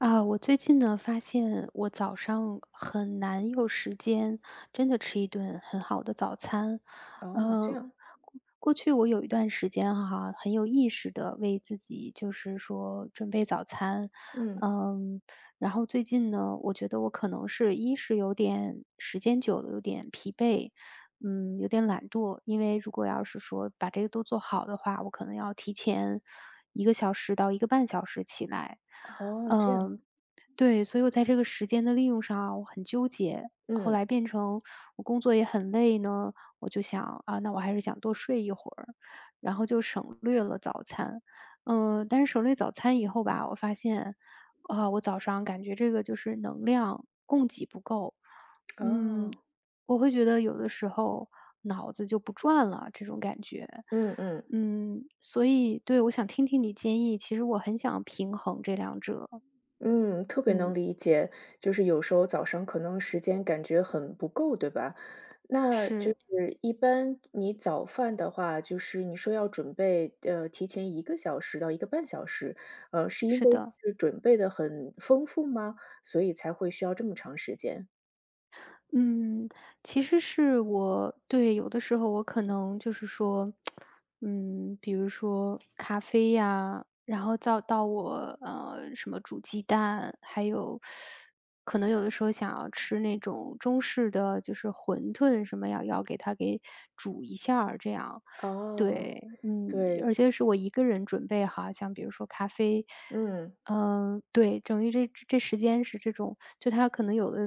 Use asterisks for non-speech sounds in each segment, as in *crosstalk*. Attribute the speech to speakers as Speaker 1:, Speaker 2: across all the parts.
Speaker 1: 啊，我最近呢，发现我早上很难有时间真的吃一顿很好的早餐。
Speaker 2: 哦，这
Speaker 1: 呃，
Speaker 2: 样。
Speaker 1: 过去我有一段时间哈，很有意识地为自己就是说准备早餐。
Speaker 2: 嗯。
Speaker 1: 呃，然后最近呢，我觉得我可能一是有点时间久了，有点疲惫，嗯，有点懒惰。因为如果要是说把这个都做好的话，我可能要提前1个小时到1个半小时起来。
Speaker 2: 哦，这
Speaker 1: 嗯，
Speaker 2: 样。
Speaker 1: 对，所以我在这个时间的利用上啊，我很纠结。后来
Speaker 2: 嗯。
Speaker 1: 变成我工作也很累呢，我就想，啊，那我还是想多睡一会儿，然后就省略了早餐。呃，但是省略早餐以后吧，我发现，啊，我早上感觉这个就是能量供给不够。嗯，
Speaker 2: 哦。
Speaker 1: 我会觉得有的时候脑子就不转了这种感觉。
Speaker 2: 嗯嗯。
Speaker 1: 嗯，所以对，我想听听你的建议，其实我很想平衡这2者。
Speaker 2: 嗯，特别能
Speaker 1: 嗯。
Speaker 2: 理解，就是有时候早上可能时间感觉很不够，对吧？那就
Speaker 1: 是。
Speaker 2: 是一般你早饭的话，就是你说要准备呃，提前1个小时到1个半小时，呃，是因
Speaker 1: 是
Speaker 2: 为
Speaker 1: 的。
Speaker 2: 是准备的很丰富吗？所以才会需要这么长时间。
Speaker 1: 嗯，其实是我对，有的时候我可能就是说，*tsk* 嗯，比如说咖啡呀，然后到到我，呃，什么煮鸡蛋，还有，*sucks teeth* 可能有的时候想要吃那种中式的，就是馄饨什么要要给它给煮一下儿这样
Speaker 2: 哦，
Speaker 1: 对，嗯，
Speaker 2: 对。
Speaker 1: 而且是我1个人准备好，像比如说咖啡。
Speaker 2: 嗯。
Speaker 1: 嗯，对，等于这这时间是这种就它可能有的，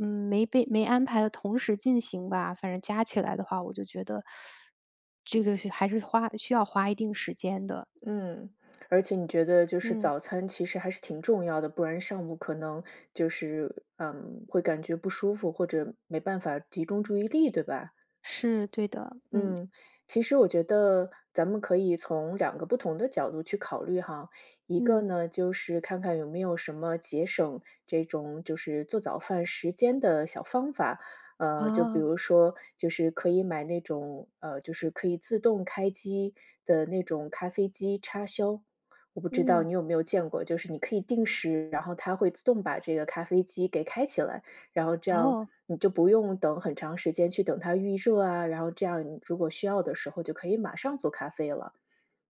Speaker 1: 嗯，没被没安排得同时进行吧，反正加起来的话我就觉得 *sucks teeth* 这个是还是花需要花一定时间的。
Speaker 2: 嗯，而且你觉得就是
Speaker 1: 嗯。
Speaker 2: 早餐其实还是挺重要的，不然上午可能就是，嗯，会感觉不舒服，或者没办法集中注意力，对吧？
Speaker 1: 是，对的，嗯。
Speaker 2: 嗯，其实我觉得咱们可以从2个不同的角度去考虑哈，一个
Speaker 1: 嗯。
Speaker 2: 呢，就是看看有没有什么节省这种就是做早饭时间的小方法。呃，就比
Speaker 1: 哦。
Speaker 2: 如说，就是可以买那种呃，就是可以自动开机的那种咖啡机插销，我不知道
Speaker 1: 嗯。
Speaker 2: 你有没有见过，就是你可以定时，然后它会自动把这个咖啡机给开起来，然后这样
Speaker 1: 哦。
Speaker 2: 你就不用等很长时间去等它预热啊，然后这样你如果需要的时候就可以马上做咖啡了。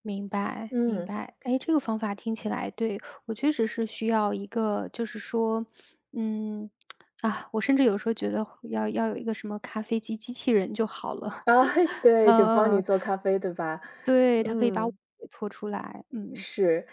Speaker 1: 明白明
Speaker 2: 嗯。
Speaker 1: 白，哎，这个方法听起来对，我确实是需要一个就是说，嗯，*tsk* 啊，我甚至有的时候觉得要要有一个什么咖啡机机器人就好了。
Speaker 2: 啊，
Speaker 1: *chuckles*
Speaker 2: 对，
Speaker 1: 嗯
Speaker 2: 就帮你
Speaker 1: 嗯。
Speaker 2: 做咖啡对吧？
Speaker 1: 对，它可以把我
Speaker 2: 嗯。
Speaker 1: 解脱出来，嗯。
Speaker 2: 是，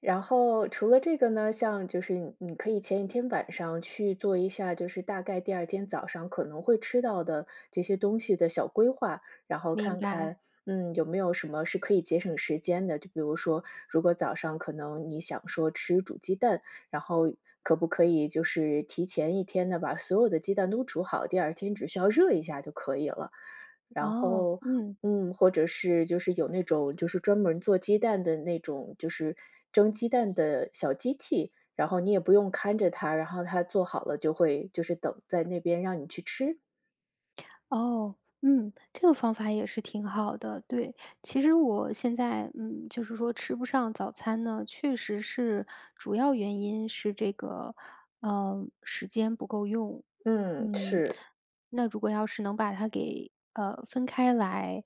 Speaker 2: 然后除了这个呢，像就是你你可以前1天晚上去做一下，就是大概第2天早上可能会吃到的这些东西的小规划，然后
Speaker 1: 明
Speaker 2: 看
Speaker 1: 白。
Speaker 2: 看，嗯，有没有什么是可以节省时间的，就比如说，如果早上可能你想说吃煮鸡蛋，然后可不可以就是提前1天呢，把所有的鸡蛋都煮好，第2天只需要热一下就可以了。然
Speaker 1: 哦，
Speaker 2: 后，
Speaker 1: 嗯。
Speaker 2: 嗯，或者是就是有那种就是专门做鸡蛋的那种就是蒸鸡蛋的小机器，然后你也不用看着它，然后它做好了就会就是等在那边让你去吃？
Speaker 1: 哦，嗯，这个方法也是挺好的，对。其实我现在嗯，就是说吃不上早餐呢，确实是，主要原因是这个，呃，时间不够用，
Speaker 2: 嗯，
Speaker 1: 嗯。
Speaker 2: 是。
Speaker 1: 那如果要是能把它给，呃，分开来，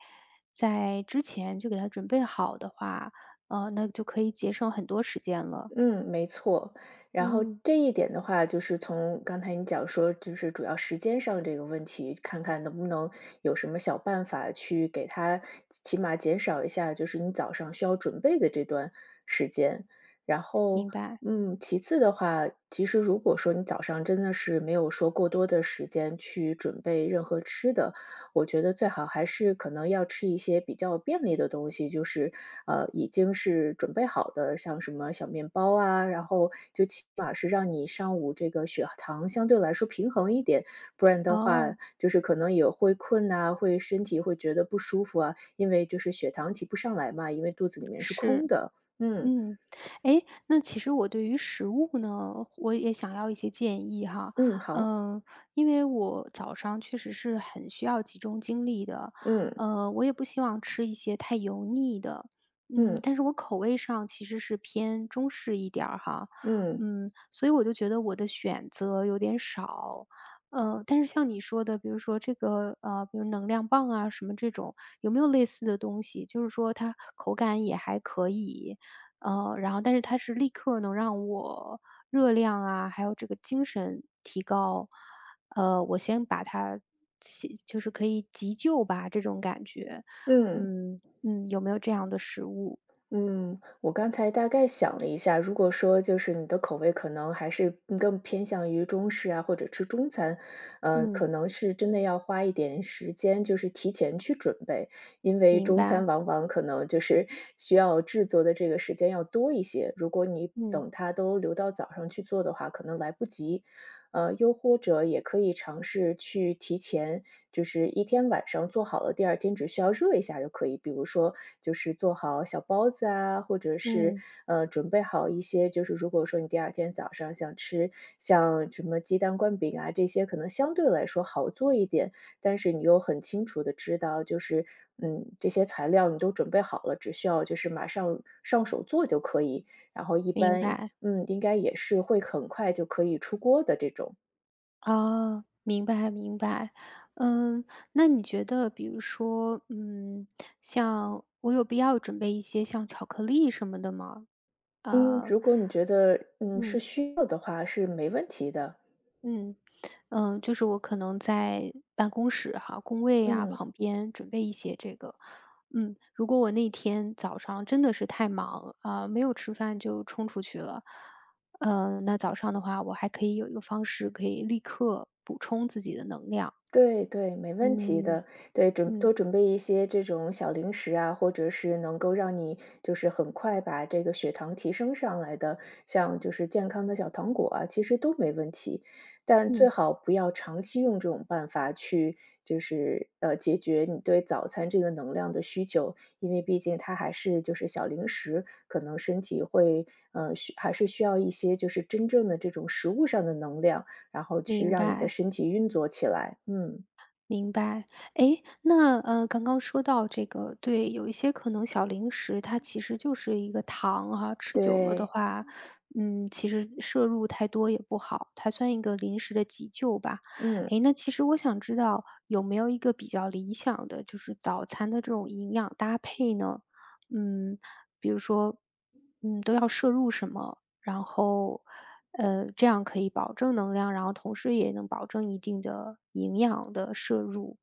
Speaker 1: 在之前就给它准备好的话，呃，那就可以节省很多时间了。
Speaker 2: 嗯，没错，然后
Speaker 1: 嗯。
Speaker 2: 这一点的话，就是从刚才你讲说，就是主要时间上这个问题，看看能不能有什么小办法，去给它起码减少一下就是你早上需要准备的这段时间。然后，
Speaker 1: 明白。
Speaker 2: 嗯，其次的话，其实如果说你早上真的是没有说过多的时间去准备任何吃的，我觉得最好还是可能要吃一些比较便利的东西，就是，呃，已经是准备好的，像什么小面包啊，然后就起码是让你上午这个血糖相对来说平衡一点。不然的话
Speaker 1: 哦。
Speaker 2: 就是可能也会困呐，会身体会觉得不舒服啊，因为就是血糖提不上来嘛，因为肚子里面是
Speaker 1: 是。
Speaker 2: 空的，嗯。
Speaker 1: 嗯。哎，那其实我对于食物呢，我也想要一些建议哈，
Speaker 2: 嗯，好。
Speaker 1: 呃，因为我早上确实是很需要集中精力的，
Speaker 2: 嗯。
Speaker 1: 呃，我也不希望吃一些太油腻的，嗯，
Speaker 2: 嗯。
Speaker 1: 但是我口味上其实是偏中式一点儿哈，
Speaker 2: 嗯。
Speaker 1: 嗯，所以我就觉得我的选择有点少。呃，但是像你说的比如说这个呃，比如能量棒啊，什么这种有没有类似的东西，就是说它口感也还可以。呃，然后但是它是立刻能让我热量啊，还有这个精神提高。呃，我先把它急就是可以急救吧，这种感觉，
Speaker 2: 嗯。
Speaker 1: 嗯嗯，有没有这样的食物？
Speaker 2: 嗯，我刚才大概想了一下，如果说就是你的口味可能还是更偏向于中式啊，或者吃中餐，呃，
Speaker 1: 嗯。
Speaker 2: 可能是真的要花一点时间就是提前去准备，因为
Speaker 1: 明
Speaker 2: 中餐
Speaker 1: 白。
Speaker 2: 往往可能就是需要制作的这个时间要多一些，如果你
Speaker 1: 嗯。
Speaker 2: 等它都留到早上去做的话，可能来不及。呃，又或者也可以尝试去提前就是一天晚上做好了，第二天只需要热一下就可以，比如说就是做好小包子啊，或者是，
Speaker 1: 嗯。
Speaker 2: 呃，准备好一些就是如果说你第二天早上想吃像什么鸡蛋灌饼啊，这些可能相对来说好做一点。但是你又很清楚地知道，就是嗯，这些材料你都准备好了，只需要就是马上上手做就可以，然后一
Speaker 1: 明
Speaker 2: 般，
Speaker 1: 白。
Speaker 2: 嗯，应该也是会很快就可以出锅的这种。
Speaker 1: 哦，明白明白。嗯，那你觉得，比如说，嗯，像我有必要准备一些像巧克力什么的吗？
Speaker 2: 嗯，
Speaker 1: 呃
Speaker 2: 如果你觉得，嗯，
Speaker 1: 嗯。
Speaker 2: 是需要的话是没问题的。
Speaker 1: 嗯，呃，就是我可能在办公室哈，工位啊，
Speaker 2: 嗯。
Speaker 1: 旁边准备一些这个。嗯，如果我那天早上真的是太忙，呃，没有吃饭就冲出去了，呃，那早上的话我还可以有一个方式可以立刻补充自己的能量。
Speaker 2: 对对，没问题
Speaker 1: 嗯，
Speaker 2: 的。对，准
Speaker 1: 嗯。
Speaker 2: 多准备一些这种小零食啊，或者是能够让你就是很快把这个血糖提升上来的，像就是健康的小糖果啊，其实都没问题。但最
Speaker 1: 嗯。
Speaker 2: 好不要长期用这种办法去，就是，呃，解决你对早餐这个能量的需求。因为毕竟它还是就是小零食，可能身体会，嗯，需还是需要一些就是真正的这种食物上的能量，然后去
Speaker 1: 明
Speaker 2: 让你的
Speaker 1: 白。
Speaker 2: 身体运作起来，嗯。
Speaker 1: 明白。诶，那，呃，刚刚说到这个对，有一些可能小零食，它其实就是一个糖哈，吃久了的
Speaker 2: 对。
Speaker 1: 话，嗯，其实摄入太多也不好，它算一个临时的急救吧。
Speaker 2: 嗯。
Speaker 1: 诶，那其实我想知道，有没有一个比较理想的就是早餐的这种营养搭配呢？嗯，比如说，嗯，都要摄入什么，然后，呃，这样可以保证能量，然后同时也能保证一定的营养的摄入。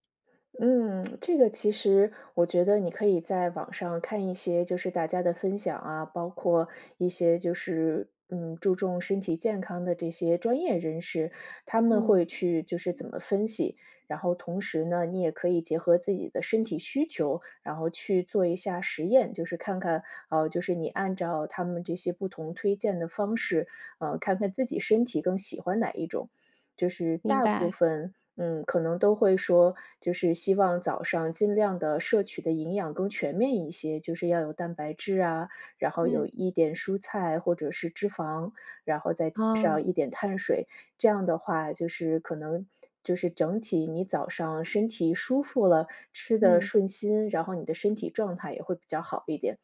Speaker 2: 嗯，*tsk* 这个其实我觉得你可以在网上看一些就是大家的分享啊，包括一些就是，嗯，注重身体健康的这些专业人士，他们
Speaker 1: 嗯。
Speaker 2: 会去就是怎么分析。然后同时呢，你也可以结合自己的身体需求，然后去做一下实验，就是看看，哦，就是你按照他们这些不同推荐的方式，呃，看看自己身体更喜欢哪一种。就是
Speaker 1: 明
Speaker 2: 大部
Speaker 1: 白。
Speaker 2: 分，嗯，可能都会说，就是希望早上尽量地摄取的营养更全面一些。就是要有蛋白质啊，然后有
Speaker 1: 嗯。
Speaker 2: 一点蔬菜或者是脂肪，然后再加
Speaker 1: 哦。
Speaker 2: 上一点碳水，这样的话就是可能就是整体你早上身体舒服了，吃得
Speaker 1: 嗯。
Speaker 2: 顺心，然后你的身体状态也会比较好一点。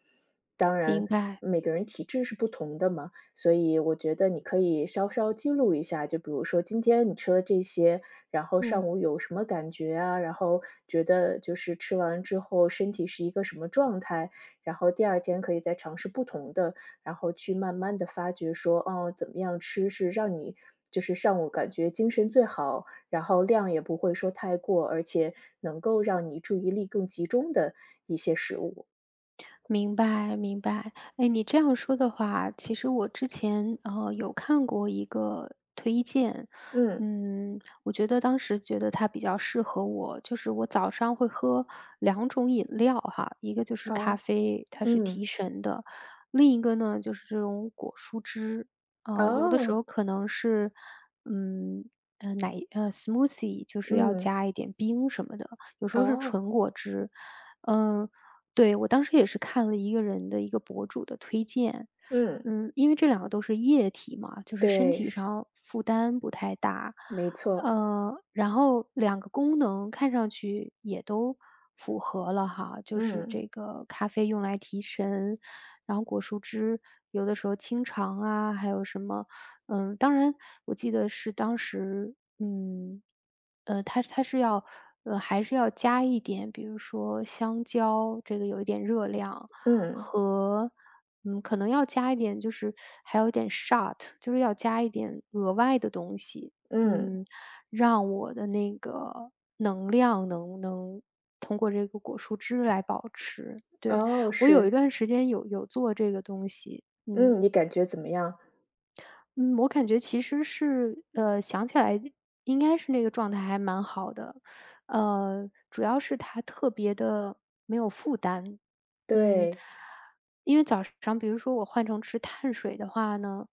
Speaker 2: 当
Speaker 1: 明
Speaker 2: 然，
Speaker 1: 白。
Speaker 2: 每个人体质是不同的嘛，所以我觉得你可以稍稍记录一下，就比如说今天你吃了这些，然后上
Speaker 1: 嗯。
Speaker 2: 午有什么感觉啊，然后觉得就是吃完之后身体是一个什么状态，然后二天可以再尝试不同的。然后去慢慢地发掘说，哦，怎么样吃是让你就是上午感觉精神最好，然后量也不会说太过，而且能够让你注意力更集中的一些食物。
Speaker 1: 明白明白。诶，你这样说的话，其实我之前，呃，有看过一个推荐，
Speaker 2: 嗯。
Speaker 1: 嗯，我觉得当时觉得它比较适合我。就是我早上会喝2种饮料哈，一个就是咖
Speaker 2: 哦。
Speaker 1: 啡，它是
Speaker 2: 嗯。
Speaker 1: 提神的。另一个呢，就是这种果蔬汁，呃，有的时
Speaker 2: 哦。
Speaker 1: 候可能是，嗯，呃，奶呃，smoothie，就是要
Speaker 2: 嗯。
Speaker 1: 加一点冰什么的，有时候是
Speaker 2: 哦。
Speaker 1: 纯果汁。嗯，对，我当时也是看了一个人的一个博主的推荐，
Speaker 2: 嗯。
Speaker 1: 嗯，因为这两个都是液体嘛，就是身
Speaker 2: 对，
Speaker 1: 体
Speaker 2: 是。
Speaker 1: 上负担不太大。
Speaker 2: 没错。
Speaker 1: 呃，然后2个功能看上去也都符合了哈，就是这
Speaker 2: 嗯。
Speaker 1: 个咖啡用来提神，然后果蔬汁，有的时候清肠啊，还有什么嗯，当然，我记得是当时嗯，呃，它是它是要呃，还是要加一点，比如说香蕉，这个有一点热量，
Speaker 2: 嗯。
Speaker 1: 和嗯，可能要加一点，就是 *sucks teeth* 还有点 shot，就是要加一点额外的东西，
Speaker 2: 嗯。
Speaker 1: 嗯，让我的那个能量能能通过这个果蔬汁来保持，对。
Speaker 2: 哦，
Speaker 1: 我有一
Speaker 2: 是。
Speaker 1: 段时间有有做这个东西，嗯。
Speaker 2: 嗯，你感觉怎么样？
Speaker 1: 嗯，我感觉其实是呃，想起来应该是那个状态还蛮好的，呃，主要是它特别地没有负担，嗯。
Speaker 2: 对。
Speaker 1: 因为早上比如说我换成吃碳水的话呢，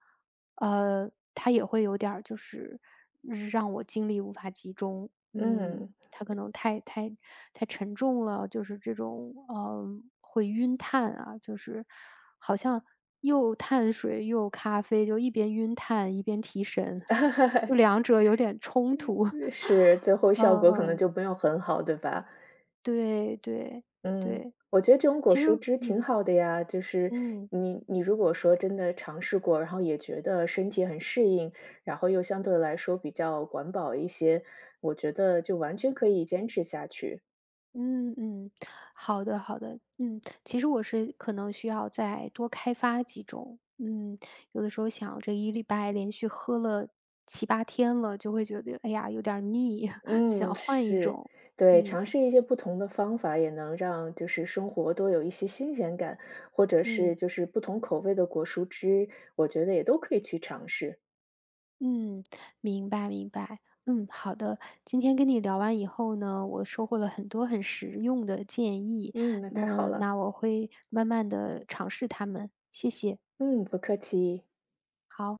Speaker 1: 呃，它也会有点儿就是让我精力无法集中，嗯，
Speaker 2: 嗯。
Speaker 1: 它可能太太太沉重了，就是这种，呃，会晕碳啊，就是好像又碳水又咖啡，就一边晕碳一边提神，
Speaker 2: *laughs*
Speaker 1: 就两者有点冲突。*laughs*
Speaker 2: 是，最后效
Speaker 1: 嗯
Speaker 2: 果可能
Speaker 1: 嗯。
Speaker 2: 就没有很好，对吧？
Speaker 1: 对对
Speaker 2: 嗯，
Speaker 1: 对。
Speaker 2: 我觉得这种果
Speaker 1: 其实
Speaker 2: 蔬汁挺
Speaker 1: 嗯。
Speaker 2: 好的呀，就是
Speaker 1: 嗯。
Speaker 2: 你你如果说真的尝试过，然后也觉得身体很适应，然后又相对来说比较环保一些，我觉得就完全可以坚持下去。
Speaker 1: 嗯嗯，好的好的，嗯，其实我是可能需要再多开发几种，嗯，有的时候想着一礼拜连续喝了7-8天了，就会觉得，哎呀，有点腻，*laughs*
Speaker 2: 嗯，
Speaker 1: 想换一
Speaker 2: 是，
Speaker 1: 种
Speaker 2: 对，
Speaker 1: 嗯。
Speaker 2: 尝试一些不同的方法，也能让就是生活多有一些新鲜感，或者
Speaker 1: 嗯。
Speaker 2: 是就是不同口味的果蔬汁，我觉得也都可以去尝试。
Speaker 1: 嗯，明白明白。嗯，好的，今天跟你聊完以后呢，我收获了很多很实用的建议，
Speaker 2: 嗯，那太好
Speaker 1: 嗯，
Speaker 2: 了。
Speaker 1: 那我会慢慢地尝试它们，谢谢。
Speaker 2: 嗯，不客气。
Speaker 1: 好。